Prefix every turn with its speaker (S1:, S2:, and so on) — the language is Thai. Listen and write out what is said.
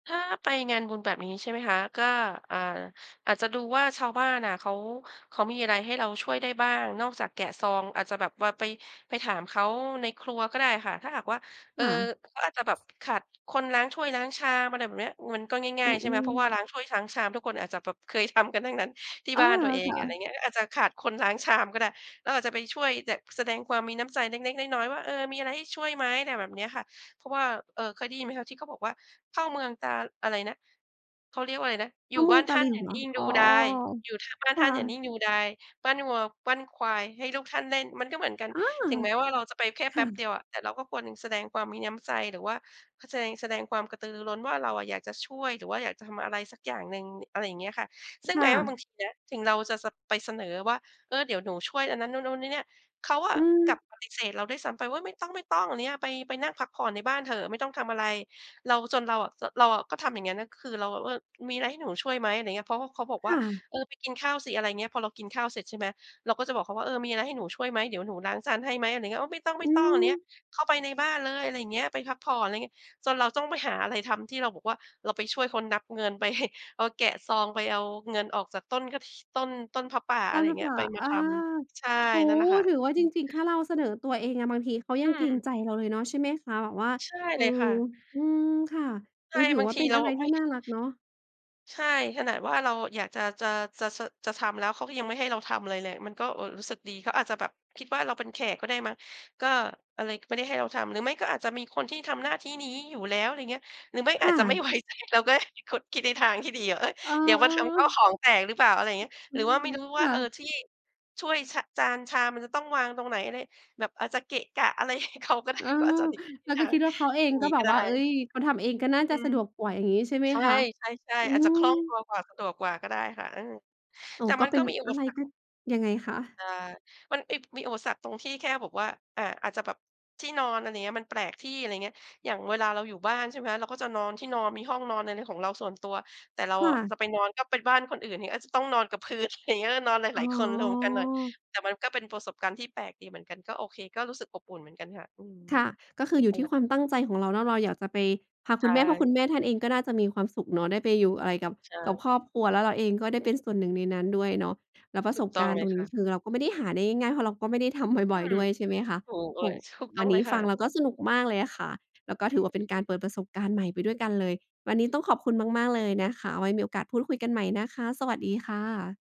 S1: ถ้าไปงานบุญแบบนี้ใช่ไหมคะ ก็ อา อาจจะดูว่าชาวบ้านอะ เขา เขามีอะไรให้เราช่วยได้บ้างนอกจากแกะซอง อาจจะแบบว่าไป ไปถามเขาในครัวก็ได้ค่ะ ถ้าหากว่า เอ
S2: ค
S1: อ
S2: ่ะ
S1: เขาอาจจะแบบขาดคนล้างถ้วยล้างชามอะไรแบบนี้ มันก็ง
S2: อ
S1: ่
S2: ื
S1: าย ๆ ใช่ไหม เ
S2: ม
S1: พราะว
S2: ๆ
S1: ่าล้างถ้วยช้างชามทุกคนอาจจะแบบเคยทำกันทั้งนั้นที่
S2: อา
S1: บ้านตัวเอง
S2: ค่
S1: อะไร
S2: ะ
S1: อย่างเงี้ย อาจจะขาดคนล้างชามก็ได้ เราอาจจะไปช่วยแบบแสดงความมีน้ำใจเล็ก ๆ น้อย ๆ ว่า เออ มีอะไรให้ช่วยไหม อะไรแบบนี้ค่ะ เพราะว่า เออ เคยได้ยินไหมคะที่เขาบอกว่า เข้าเมืองตาอะไรนะ เขาเรียกว่าอะไรนะ อ
S2: เข
S1: ยู
S2: ้
S1: ่
S2: าเม
S1: บ
S2: ื
S1: ้า
S2: อง
S1: น
S2: ต
S1: ท
S2: า
S1: ่า
S2: หล
S1: น
S2: ิ
S1: อ
S2: ว
S1: ย่า
S2: เหร
S1: น
S2: อ?
S1: ิ่งด
S2: อ๋
S1: ู
S2: อ
S1: ดาย อยู่ ถ้าบ้าน
S2: ค
S1: ท
S2: ่
S1: ่านอย่านิ่
S2: ะ
S1: งดูดาย ปั้นวัวปั้นควายให้ลูกท่านเล่น มันก็เหมือนกัน
S2: อา
S1: ถึงแม้ว่าเราจะไปแค่
S2: ค
S1: แป
S2: ่
S1: ๊บเดี
S2: ะ
S1: ยวอะ แต่เราก็ควรแสดงความมีน้ำใจ หรือว่าแสดง แสดงความกระตือร้นว่า เราอะอยากจะช่วย หรือว่าอยากจะทำอะไรสักอย่างหนึ่ง อะไรอย่างเงี้ยค่ะ ซึ่ง
S2: ค
S1: แ
S2: ่
S1: ม้ว่าบ
S2: ะ
S1: างทีนะ ถึงเราจะส ไปเสนอว่า เออ เดี๋ยวหนูช่วยอันนั้นนู่น ๆ เนี่ย ๆ เขาอ
S2: อ
S1: ะ
S2: ื
S1: ก
S2: ม
S1: ลับปฏิเสธเราด้วยซ้ำไปว่า "ไม่ต้อง ๆ อะไรเงี้ย ไป ไปนั่งพักผ่อนในบ้านเถอะ ไม่ต้องทำอะไร" เรา จนเราอะ เราอะก็ทำอย่างเงี้ย คือเราแบบว่า มีอะไรให้หนูช่วยไหม อะไรอย่างเงี้ย เพราะว่า เขาบอกว
S2: ค
S1: ่า
S2: ่ะ
S1: "เออ ไปกินข้าวสิ" อะไรอย่างเงี้ย พอเรากินข้าวเสร็จใช่ไหม เราก็จะบอกเขาว่า เออ มีอะไรให้หนูช่วยไหม เดี๋ยวหนูล้างจานให้ไหม อะไรอย่างเงี้ย "โอ้ ไม่ต้อง ไม่
S2: อื
S1: ต้อง อะไรอย่างเงี้ย
S2: อ
S1: เข้าไปในบ้านเลย อะไรอย่างเงี้ย ไปพักผ่อน อะไรอย่างเงี้ย" จนเราต้องไปหาอะไรทำที่เราบอกว่า เราไปช่วยคนนับเงิน ไป เราแกะซองไปเอาเงินออกจากต้นกระถิ ต้น ต้นผ้าป่า
S2: ต
S1: อะไ
S2: ้น
S1: รอ
S2: ผ
S1: ย่
S2: ้
S1: าง
S2: า
S1: เง
S2: ป
S1: ี้ย
S2: ่
S1: ไ
S2: า
S1: ปม
S2: อ
S1: า
S2: า
S1: ทำ ใช่
S2: โอ้
S1: นั่
S2: โฮ
S1: นแหละค่
S2: ถือว่าจ
S1: ะ
S2: ริง ๆ แค่เราเสนอตัวเองอะ บางทีเขา
S1: อ
S2: ย
S1: ื
S2: ังเกรง
S1: ม
S2: ใจเราเลยเนาะ ใช่ไหมคะ? แบบว่า
S1: ใช่
S2: เออ
S1: เลยค่ะ
S2: อืม ค่ะ เ
S1: ใ
S2: อ
S1: ช่
S2: อ ถือ
S1: บาง
S2: ว่า
S1: ที
S2: เป็น
S1: เร
S2: อ
S1: า
S2: ะไร
S1: ไ
S2: ท
S1: ม
S2: ี
S1: ่
S2: ่น่ารักเนาะ
S1: ใช่ ขนาดว่าเราอยากจะ จะ จะ ส จะทำแล้วเขาก็ยังไม่ให้เราทำอะไรเลย มันก็ เออ รู้สึกดี เขาอาจจะแบบคิดว่าเราเป็นแขกก็ได้มั้ง ก็เลยไม่ได้ให้เราทำ หรือไม่ก็อาจจะมีคนที่ทำหน้าที่นี้อยู่แล้ว อะไรอย่างเงี้ย หรือไม่
S2: ค
S1: อ
S2: ่
S1: าจจะ ไม่
S2: ะ
S1: ไว้ใจก็ได้ เราก็คิดในทางที่ดี เอ๊ย
S2: เออ
S1: เดี๋ยวมาทำข้าว
S2: ๆ
S1: ของแตกหรือเปล่า อะไรอย่างเงี้ย
S2: อ อื
S1: หรือว่
S2: ม
S1: าไม่รู้
S2: ค
S1: ว่า
S2: ่
S1: เออ
S2: ะ
S1: ที่ช่วย ช จานชามมันจะต้องวางตรงไหนอะไร แบบอาจจะเกะกะอะไร ให้เขาก็ได
S2: เ
S1: ้
S2: ออ
S1: ก็อาจจะ [unintelligible]
S2: เราก็คิดว่า เขาเองก็
S1: งี้
S2: บ
S1: ก
S2: อ
S1: ็
S2: ก
S1: ได้
S2: ว่า เอ๊ย เขาทำเองก็น่า
S1: อ
S2: จ
S1: ื
S2: ะ
S1: ม
S2: สะดวกกว่าอย่างงี้ใช่ไหม
S1: ใช
S2: คะ?
S1: ่
S2: อื
S1: ๆ ๆ อาจจะคล่องต
S2: ม
S1: ัวกว่า สะดวกกว่าก็ได้ค่ะ เออ
S2: โอ้
S1: แต่
S2: ก
S1: ม
S2: ็
S1: ัน
S2: เป
S1: ก
S2: ็
S1: ็
S2: น
S1: มีอุ
S2: อ
S1: ป
S2: ะไร
S1: สรร
S2: ก
S1: ค
S2: ็
S1: นะ
S2: ยังไงค
S1: เ
S2: ะ?
S1: อ่อ มัน เอ๊ย มีอุปสรรคตรงที่แค่แบบว่า อา อาจจะแบบที่นอน อะไรอย่างเงี้ย มันแปลกที่ อะไรอย่างเงี้ย อย่างเวลาเราอยู่บ้านใช่ไหมคะ เราก็จะนอนที่นอน มีห้องนอนอะไรของเราส่วนตัว แต่เรา
S2: ค่
S1: อะจ
S2: ะ
S1: ะไปนอนก็ไปบ้านคนอื่น อาจจะต้องนอนกับพื้น อะไรอย่างเงี้ย นอนหล
S2: อ๋
S1: าย ๆ คนรวมกันหน่อย
S2: อ
S1: แต่มันก็เป็นประสบการณ์ที่แปลกดีเหมือนกัน ก็โอเค ก็รู้สึกอบอุ่นเหมือนกันค่ะ อืม
S2: ค่ะ ก็คืออยู
S1: อ
S2: ่
S1: ะ
S2: ท
S1: ไ
S2: ี
S1: ร
S2: ่ค
S1: แ
S2: ว
S1: บ
S2: าม
S1: บน
S2: ต
S1: ั้น
S2: ั้งใจของเราเนาะ เราอยากจะไป พา
S1: ใช
S2: คุณแม่ เพราะคุณ
S1: ่
S2: แม่ท่านเองก็น่าจะมีความสุขเนาะ ได้ไปอยู่อะไรกับ
S1: ใช
S2: กับ
S1: ่
S2: ครอบครัวแล้วเราเองก็ได้เป็นส่วนหนึ่งในนั้นด้วยเนาะ แล้วปร
S1: ถ
S2: ะ
S1: ู
S2: ส
S1: ก
S2: บ
S1: ต้
S2: ก
S1: อง
S2: ารณ
S1: เล
S2: ์ต
S1: ย
S2: รง
S1: ค
S2: นี
S1: ่
S2: ้
S1: ะ
S2: คือเราก็ไม่ได้หาได้ง่าย ๆ เพราะเราก็ไม่ได้ทำ
S1: อ
S2: บ
S1: ื
S2: ่อย
S1: ม
S2: ๆ ด้วยใช่ไหมคะ?
S1: ถูกเล
S2: โอ้
S1: ย
S2: โฮ
S1: ถูกต
S2: ว
S1: ้
S2: ั
S1: อง
S2: นน
S1: เล
S2: ี้
S1: ยค
S2: ฟ
S1: ่
S2: ั
S1: ะ
S2: งเราแล้วก็สนุกมากเลยอะค่ะ แล้วก็ถือว่าเป็นกา
S1: อื
S2: ร
S1: อ
S2: เปิดประสบการณ์ใหม่ไปด้วยกันเลย วันนี้ต้องขอบคุณมาก ๆ เลยนะคะ เอาไว้มีโอกาสพูดคุยกันใหม่นะคะ สวัสดีค่ะ